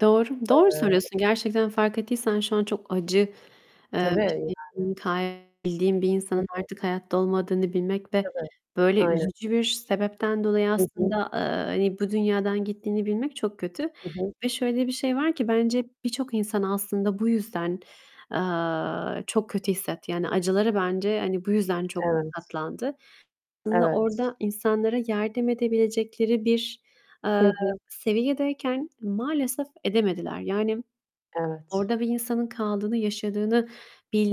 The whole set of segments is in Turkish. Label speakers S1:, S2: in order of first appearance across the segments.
S1: Doğru, doğru
S2: Eee
S1: söylüyorsun. Gerçekten fark ettiysen şu an çok acı, eee,
S2: Tabii
S1: bir
S2: yani.
S1: şeyin, ta bildiğin bir
S2: Hı
S1: insanın
S2: hı.
S1: artık hayatta olmadığını bilmek ve
S2: Tabii,
S1: böyle
S2: aynen.
S1: üzücü bir sebepten dolayı
S2: Hı hı.
S1: aslında, eee, hani bu dünyadan gittiğini bilmek çok kötü.
S2: Hı hı.
S1: Ve şöyle bir şey var ki, bence birçok insan aslında bu yüzden, eee, çok kötü hissetti. Yani acıları bence hani bu yüzden çok
S2: Evet.
S1: katlandı. Aslında
S2: Evet.
S1: orada insanlara yardım edebilecekleri bir,
S2: Hı
S1: eee,
S2: hı.
S1: seviyedeyken maalesef edemediler. Yani
S2: Evet.
S1: orada bir insanın kaldığını, yaşadığını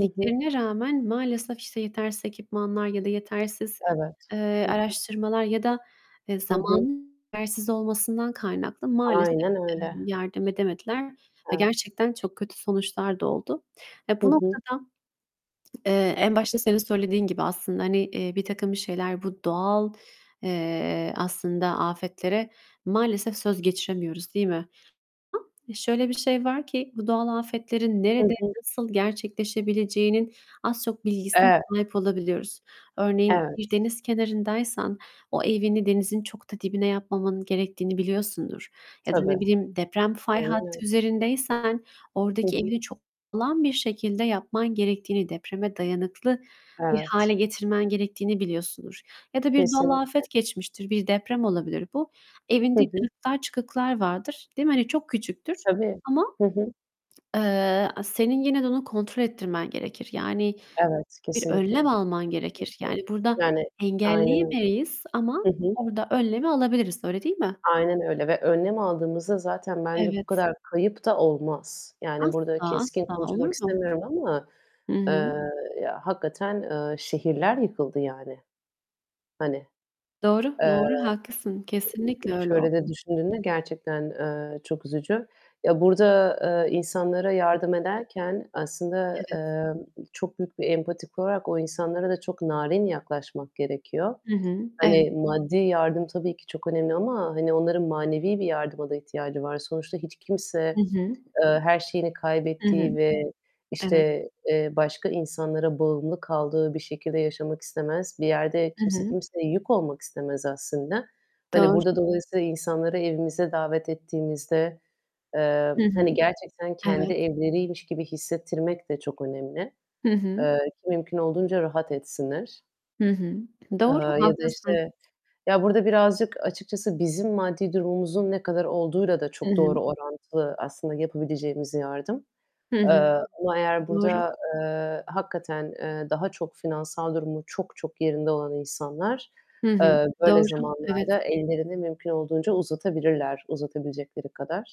S2: Hı hı.
S1: rağmen maalesef işte yetersiz ekipmanlar ya da yetersiz,
S2: Evet.
S1: eee,
S2: Hı hı.
S1: araştırmalar ya da, eee,
S2: Hı hı.
S1: zamanın yetersiz olmasından kaynaklı maalesef,
S2: Aynen
S1: eee,
S2: öyle.
S1: yardım edemediler ve
S2: Evet.
S1: gerçekten çok kötü sonuçlar da oldu. Ve
S2: Hı
S1: bu
S2: hı.
S1: noktada, eee, en başta senin söylediğin gibi aslında, hani, eee, birtakım bir şeyler bu doğal, eee, aslında afetlere maalesef söz geçiremiyoruz, değil mi? Şöyle bir şey var ki, bu doğal afetlerin
S2: Hı
S1: nerede,
S2: hı.
S1: nasıl gerçekleşebileceğinin az, çok bilgisine
S2: Evet.
S1: sahip olabiliyoruz. Örneğin, bir
S2: Evet.
S1: deniz kenarındaysan o evini denizin çok da dibine yapmamanın gerektiğini biliyorsundur. Ya da,
S2: Tabii.
S1: ne bileyim, deprem fay
S2: Aynen öy
S1: hattı üzerindeysen
S2: Hı
S1: oradaki
S2: hı.
S1: evini çok sağlam bir şekilde yapman gerektiğini, depreme dayanıklı bir hâle
S2: Evet.
S1: getirmen gerektiğini biliyorsundur. Ya da bir doğal
S2: Kesinlikle.
S1: afet geçmiştir, bir deprem olabilir bu.
S2: Hı
S1: Evinde
S2: hı.
S1: kırıklar, çıkıklar vardır, değil mi? Hani çok küçüktür
S2: Tabii.
S1: ama,
S2: Hı hı.
S1: eee, senin yine de onu kontrol ettirmen gerekir. Yani
S2: Evet,
S1: bir
S2: kesinlikle.
S1: önlem
S2: Hı
S1: alman gerekir.
S2: hı.
S1: Yani burada
S2: Yani, aynen öyle.
S1: engelleyemeyiz ama
S2: Hı hı.
S1: orada önlemi alabiliriz, öyle değil mi?
S2: Aynen öyle. Ve önlem aldığımızda zaten bence bu
S1: Evet.
S2: kadar kayıp da olmaz. Yani burada
S1: Asla,
S2: keskin
S1: asla,
S2: konuşmak
S1: olur mu?
S2: istemiyorum ama,
S1: Hı
S2: eee,
S1: hı.
S2: ya, hakikaten, eee, şehirler yıkıldı yani. Hani,
S1: Doğru,
S2: eee,
S1: doğru. Haklısın.
S2: i y
S1: Kesinlikle öyle
S2: şöyle de
S1: oldu.
S2: düşündüğümde gerçekten, eee, çok üzücü. Ya, burada, eee, insanlara
S1: Hı
S2: yardım
S1: hı.
S2: ederken aslında,
S1: Evet.
S2: eee, çok büyük bir empati kurarak o insanlara da çok narin yaklaşmak gerekiyor.
S1: Hı hı. Evet.
S2: Hani maddi yardım tabii ki çok önemli ama, hani, onların manevi bir yardıma da ihtiyacı var. Sonuçta hiç kimse,
S1: Hı hı.
S2: eee, her şeyini
S1: Hı hı.
S2: kaybettiği ve
S1: Evet.
S2: işte, eee, başka insanlara bağımlı kaldığı bir şekilde yaşamak istemez. Bir yerde
S1: Hı
S2: kimse
S1: hı.
S2: kimseye yük olmak istemez aslında. Hani burada
S1: Doğru.
S2: dolayısıyla insanları evimize davet ettiğimizde, eee,
S1: Hı hı.
S2: hani gerçekten kendi
S1: Evet.
S2: evleriymiş gibi hissettirmek de çok önemli.
S1: Hı hı.
S2: Eee, ki mümkün olduğunca rahat etsinler.
S1: Hı hı.
S2: Eee,
S1: Doğru,
S2: ya da
S1: haklısın.
S2: işte Ya, burada birazcık açıkçası bizim maddi durumumuzun ne kadar olduğuyla da
S1: Hı
S2: çok
S1: hı.
S2: doğru orantılı aslında yapabileceğimiz yardım.
S1: Hı
S2: Eee,
S1: hı.
S2: ama eğer
S1: Doğru.
S2: burada, eee, hakikaten, eee, daha çok finansal durumu çok, çok yerinde olan insanlar
S1: Hı hı.
S2: eee, böyle
S1: Doğru. Evet.
S2: zamanlarda ellerini mümkün olduğunca uzatabilirler uzatabilecekleri kadar.